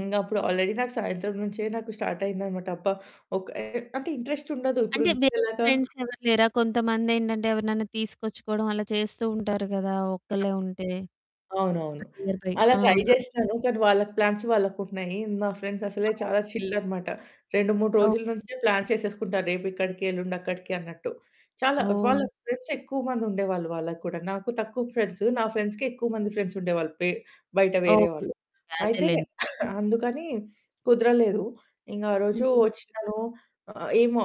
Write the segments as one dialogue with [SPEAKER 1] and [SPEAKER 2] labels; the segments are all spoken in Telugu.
[SPEAKER 1] ఇంగప్పుడు ఆల్రెడీ నాకు సాయంత్రం నుంచే నాకు స్టార్ట్ అయిందన్నమాట. అబ్బా! ఒక అంటే ఇంట్రెస్ట్ ఉండదు. ఇప్పుడు
[SPEAKER 2] అంటే వేరే
[SPEAKER 1] ఎలాగా
[SPEAKER 2] ఫ్రెండ్స్ ఎవరు లేరా? కొంతమందేంటంటే ఎవరినైనా తీసుకొచ్చుకోవడం అలా చేస్తూ ఉంటారు గదా! ఒక్కళ్ళే ఉంటే
[SPEAKER 1] అవునవును.
[SPEAKER 2] Near by.
[SPEAKER 1] అలా
[SPEAKER 2] ఆ!
[SPEAKER 1] ట్రై జేసినాను, కానీ వాళ్ళకి ప్లాన్స్ వాళ్ళకున్నాయి. నా ఫ్రెండ్స్ అసలే చాలా చిల్
[SPEAKER 2] [unintelligible]
[SPEAKER 1] అన్నమాట. 2, 3 రోజుల
[SPEAKER 2] అవును.
[SPEAKER 1] నుంచే ప్లాన్స్ వేసేసుకుంటారు. రేపిక్కడికి, ఎల్లుండక్కడికి అన్నట్టు. చాలా వాళ్ళ
[SPEAKER 2] ఓహ్!
[SPEAKER 1] ఫ్రెండ్స్ ఎక్కువ మంది ఉండేవాళ్ళు వాళ్ళకి కూడా. నాకు తక్కువ ఫ్రెండ్స్. నా ఫ్రెండ్స్‌కి ఎక్కువ మంది ఫ్రెండ్స్ ఉండేవాళ్ళు. బె బయట వేరే
[SPEAKER 2] ఓకే.
[SPEAKER 1] వాళ్ళు అయితే
[SPEAKER 2] అదేలెండి.
[SPEAKER 1] అందుకని కుదరలేదు. ఇంక ఆరోజు
[SPEAKER 2] హ్మ్.
[SPEAKER 1] వచ్చినాను. ఆహ్, ఏమో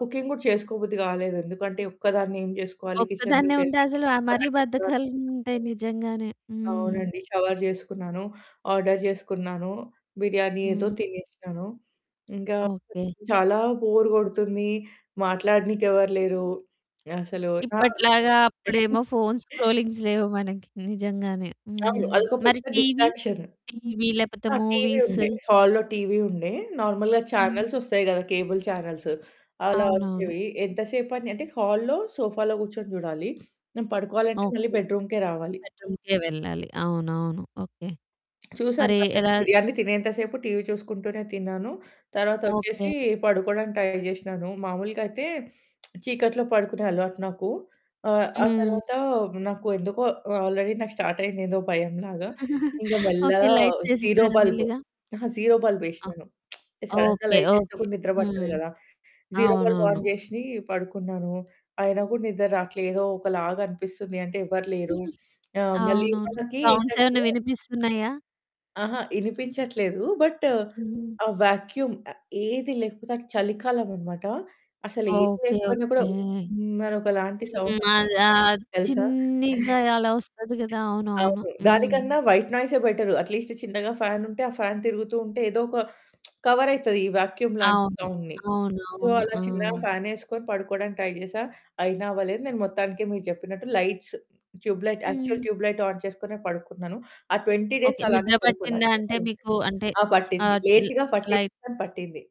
[SPEAKER 1] కుకింగ్ కూడా చేసుకోబుద్ధి కాలేదు. ఎందుకంటే ఒక్కదాన్ని ఏం చేసుకోవాలి
[SPEAKER 2] ఒక్కదాన్నే
[SPEAKER 1] కిచెన్‌లోకి
[SPEAKER 2] ఉంటే
[SPEAKER 1] వెళ్లి.
[SPEAKER 2] అసలు మరీ
[SPEAKER 1] [unintelligible]
[SPEAKER 2] బద్ధకాలుంటాయి నిజంగానే. హ్మ్.
[SPEAKER 1] అవునండి. షవర్ జేసుకున్నాను. ఆర్డర్ జేసుకున్నాను. బిర్యానీ ఏదో
[SPEAKER 2] హ్మ్.
[SPEAKER 1] తినేసినాను. ఇంకా
[SPEAKER 2] ఓకే.
[SPEAKER 1] చాలా బోర్ కొడుతుంది. మాట్లాడనీకి ఎవరు లేరు. అసలు ఆ!
[SPEAKER 2] ఇప్పట్లాగా అప్పుడేమో ఫోన్స్ స్క్రోలింగ్స్ లేవు మనకి నిజంగానే.
[SPEAKER 1] అవును.
[SPEAKER 2] హ్మ్.
[SPEAKER 1] అదొక
[SPEAKER 2] మరి
[SPEAKER 1] పెద్ద
[SPEAKER 2] టీవీ,
[SPEAKER 1] డిస్ట్రాక్షన్.
[SPEAKER 2] టీవీ లేకపోతే
[SPEAKER 1] ఆ టీవీ
[SPEAKER 2] మూవీస్?
[SPEAKER 1] ఉండే హాల్లో టీవీ ఉండే. నార్మల్‌గా
[SPEAKER 2] హ్మ్.
[SPEAKER 1] చానెల్సొస్తాయి గదా! కేబుల్ చానెల్స్ అలా
[SPEAKER 2] అవునవును.
[SPEAKER 1] వచ్చేవి. ఎంత సేపని అంటే హాల్లో సోఫాలో కూర్చొని చూడాలి. నేను పడుకోవాలంటే మళ్ళీ
[SPEAKER 2] ఓకే.
[SPEAKER 1] బెడ్‌రూమ్‌కే రావాలి.
[SPEAKER 2] బెడ్‌రూమ్‌కే వెళ్ళాలి. అవునవును. ఓకే.
[SPEAKER 1] చూసాను
[SPEAKER 2] మరి
[SPEAKER 1] వాళ్ళది
[SPEAKER 2] ఎలా?
[SPEAKER 1] బిర్యానీ తినేంత సేపు టీవీ చూసుకుంటూనే తిన్నాను. తర్వాతొచ్చేసి
[SPEAKER 2] ఓకే.
[SPEAKER 1] పడుకోవడానికి ట్రై జేసినాను. మాములుగా అయితే చీకట్లో పడుకునే అలవాటు నాకు. ఆహ్, ఆ
[SPEAKER 2] హ్మ్.
[SPEAKER 1] తరువాత నాకు ఎందుకో ఆల్రెడీ నాకు స్టార్ట్ అయింది. ఏదో భయం లాగా. ఇంగ
[SPEAKER 2] ఓకే.
[SPEAKER 1] మెల్లగా
[SPEAKER 2] లైట్స్
[SPEAKER 1] జీరో
[SPEAKER 2] వేసేసారా
[SPEAKER 1] బల్బ్,
[SPEAKER 2] మెల్లిగా?
[SPEAKER 1] జీరో అహా! బల్బ్
[SPEAKER 2] ఆ!
[SPEAKER 1] వేసినాను. సడెన్‌గా
[SPEAKER 2] ఓకే,
[SPEAKER 1] లైట్ వేస్తే
[SPEAKER 2] ఓకే.
[SPEAKER 1] కూడా నిద్ర పట్టదు
[SPEAKER 2] హ్మ్.
[SPEAKER 1] గదా! జీరో బల్బ్
[SPEAKER 2] అవునవును.
[SPEAKER 1] ఆన్ జేసి పడుకున్నాను. అయినా గూడా నిద్ర రావట్లేదోకలాగా అనిపిస్తుంది. అంటే ఎవ్వరు లేరు. ఆహ్, మళ్ళీ
[SPEAKER 2] అవునవును.
[SPEAKER 1] మనకి
[SPEAKER 2] సౌండ్స్
[SPEAKER 1] ఏంటంటే
[SPEAKER 2] ఏమన్నా వినిపిస్తున్నాయా?
[SPEAKER 1] అహా! వినిపించట్లేదు. బట్
[SPEAKER 2] హ్మ్.
[SPEAKER 1] ఆ వాక్యూమ్ ఏది లేకపోతే అది చలికాలమన్నమాట. అసలేది
[SPEAKER 2] ఓకే,
[SPEAKER 1] లేకపోయినా
[SPEAKER 2] ఓకే.
[SPEAKER 1] కూడా
[SPEAKER 2] హ్మ్.
[SPEAKER 1] హ్మ్ ఒకలాంటి సౌండ్ వస్తుంది.
[SPEAKER 2] ఆద్ ఆహ్,
[SPEAKER 1] తెలుసా?
[SPEAKER 2] చిన్నిగా అలా వస్తది గదా! అవునవును.
[SPEAKER 1] అవును.
[SPEAKER 2] హ్మ్.
[SPEAKER 1] దానికన్నా వైట్ నాయిసే బెటర్. అట్లీస్ట్ చిన్నగా ఫాన్ ఉంటే, ఆ ఫాన్ తిరుగుతూ ఉంటే ఏదో ఒక కవర్ అవుతది ఈ వాక్యూమ్ లాంటి
[SPEAKER 2] అవును,
[SPEAKER 1] సౌండ్‌ని. సో,
[SPEAKER 2] అవునవును.
[SPEAKER 1] అలా చిన్నగా
[SPEAKER 2] ఆ!
[SPEAKER 1] ఫానేసుకొని పడుకోవడానికి ట్రై జేసా. అయినా అవ్వలేదు. నేను మొత్తానికి మీరు చెప్పినట్టు లైట్స్, ట్యూబ్ లైట్, యాక్చువల్
[SPEAKER 2] హ్మ్.
[SPEAKER 1] ట్యూబ్ లైట్ ఆన్ చేసుకొనె పడుకున్నాను. ఆ 20 డేస్
[SPEAKER 2] ఓకే.
[SPEAKER 1] అలానే
[SPEAKER 2] నిద్ర
[SPEAKER 1] పడుకున్నా.
[SPEAKER 2] పట్టిందా అంటే
[SPEAKER 1] [unintelligible]
[SPEAKER 2] మీకు అంటే
[SPEAKER 1] ఆ పట్టింది,
[SPEAKER 2] ఆహ్,
[SPEAKER 1] లేట్‌గా పట్టింది
[SPEAKER 2] లైక్
[SPEAKER 1] కానీ పట్టింది.